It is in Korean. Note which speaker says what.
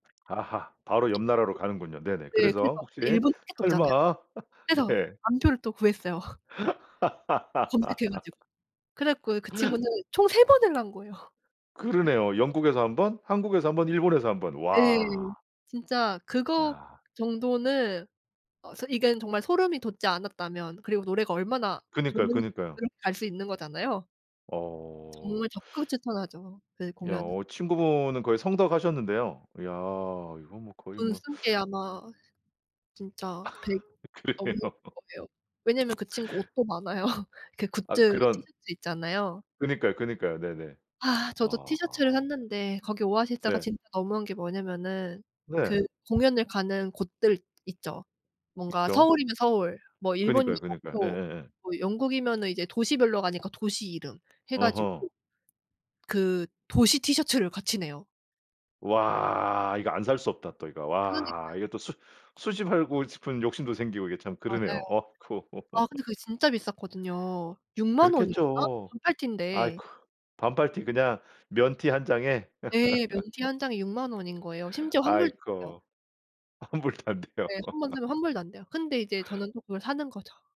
Speaker 1: 아하 바로 옆
Speaker 2: [unintelligible]
Speaker 1: 나라로 가는군요. 네네.
Speaker 2: 네. 그래서
Speaker 1: 그래서 혹시
Speaker 2: 일본 티켓도 없잖아요.
Speaker 1: 설마.
Speaker 2: 그래서
Speaker 1: 네.
Speaker 2: 암표를 또 구했어요. 검색해 가지고. 그래 갖고 그 친구는 총 3 번을 한 거예요.
Speaker 1: 그러네요. 영국에서 1 번, 한국에서 1 번, 일본에서 1 번.
Speaker 2: 예.
Speaker 1: 와.
Speaker 2: 진짜 그거
Speaker 1: 야.
Speaker 2: 정도는 어 소 이건 정말 소름이 돋지 않았다면 그리고 노래가 얼마나
Speaker 1: 그니까요,
Speaker 2: 좋으니까
Speaker 1: 그니까요.
Speaker 2: 그렇게 갈 수 있는 거잖아요.
Speaker 1: 어.
Speaker 2: 정말 적극 추천하죠 그
Speaker 1: 야
Speaker 2: 공연은.
Speaker 1: 어 친구분은 거의 성덕 하셨는데요? 야 이거 뭐 거의
Speaker 2: 돈
Speaker 1: 뭐.
Speaker 2: 쓴 게 아마 진짜 100 넘을
Speaker 1: 그러네요.
Speaker 2: 거예요. 왜냐하면 그 친구 옷도 많아요. 그
Speaker 1: 아
Speaker 2: 굿즈
Speaker 1: 그런
Speaker 2: 티셔츠 있잖아요.
Speaker 1: 그니까요, 그니까요. 네네.
Speaker 2: 아 저도
Speaker 1: 아.
Speaker 2: 티셔츠를 샀는데 거기 오아시스가
Speaker 1: 네.
Speaker 2: 진짜 너무한 게 뭐냐면은 그
Speaker 1: 네.
Speaker 2: 공연을 가는 곳들 있죠. 뭔가
Speaker 1: 있죠.
Speaker 2: 서울이면 서울, 뭐 일본이면
Speaker 1: 그니까요, 그니까요.
Speaker 2: 도쿄,
Speaker 1: 예예예.
Speaker 2: 뭐 영국이면은 이제 도시별로 가니까 도시 이름 해 가지고
Speaker 1: 어허.
Speaker 2: 그 도시 티셔츠를 같이 내요.
Speaker 1: 와 이거 안 살 수 없다. 또 이거.
Speaker 2: 그러니까요.
Speaker 1: 와 이게 또 수 수집하고 싶은 욕심도 생기고 이게 참
Speaker 2: 맞아요.
Speaker 1: 그러네요. 어쿠.
Speaker 2: 아 근데 그게 진짜 비쌌거든요. 60,000 원이었나?
Speaker 1: 그렇겠죠.
Speaker 2: 반팔
Speaker 1: 아이쿠.
Speaker 2: 티인데.
Speaker 1: 반팔티 그냥 면티 1 장에
Speaker 2: 예. 면 티 1 장이 60,000 원인 거예요. 심지어 환불도 안돼요.
Speaker 1: 아이고 환불도 안돼요.
Speaker 2: 예. 1 번 사면 환불도 안돼요. 근데 이제 저는 또 그걸 사는 거죠.